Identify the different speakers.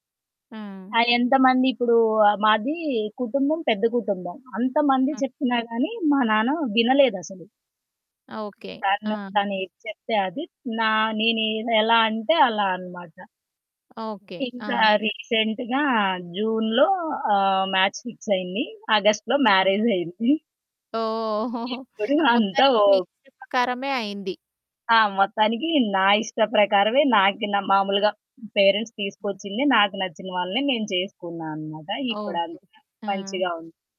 Speaker 1: ఆ!
Speaker 2: హ్మ్.
Speaker 1: ఎంతమంది ఇప్పుడూ మాది కుటుంబం, పెద్ద కుటుంబం. అంతమంది చెప్పినా గాని, మా నాన్న వినలేదసలు.
Speaker 2: ఓకె.
Speaker 1: తను
Speaker 2: ఆ!
Speaker 1: తనేది చెప్తే అది. నా నేను ఎలా అంటే, అలా అనమాట.
Speaker 2: ఓకె. ఆ!
Speaker 1: ఇంకా రీసెంట్‌గా, జూన్‌లో ఆహ్, మాచ్ ఫిక్స్ అయింది. ఆగస్ట్‌లో మ్యారేజయ్యింది.
Speaker 2: ఓహ్!
Speaker 1: ఇప్పుడు అంతా
Speaker 2: మొత్తానికి
Speaker 1: ఓ
Speaker 2: మీ ఇష్ట ప్రకారమే అయింది.
Speaker 1: ఆ! మొత్తానికి నా ఇష్ట ప్రకారమే, నాకు నా మామూలుగా. పేరెంట్స్ తీసుకొచ్చిందే, నాకు నచ్చిన వాళ్ళనే నేను చేసుకున్నానన్నమాట.
Speaker 2: ఓకె,
Speaker 1: ఇప్పుడంతా
Speaker 2: ఓకె. ఆ!
Speaker 1: మంచిగా ఉంది.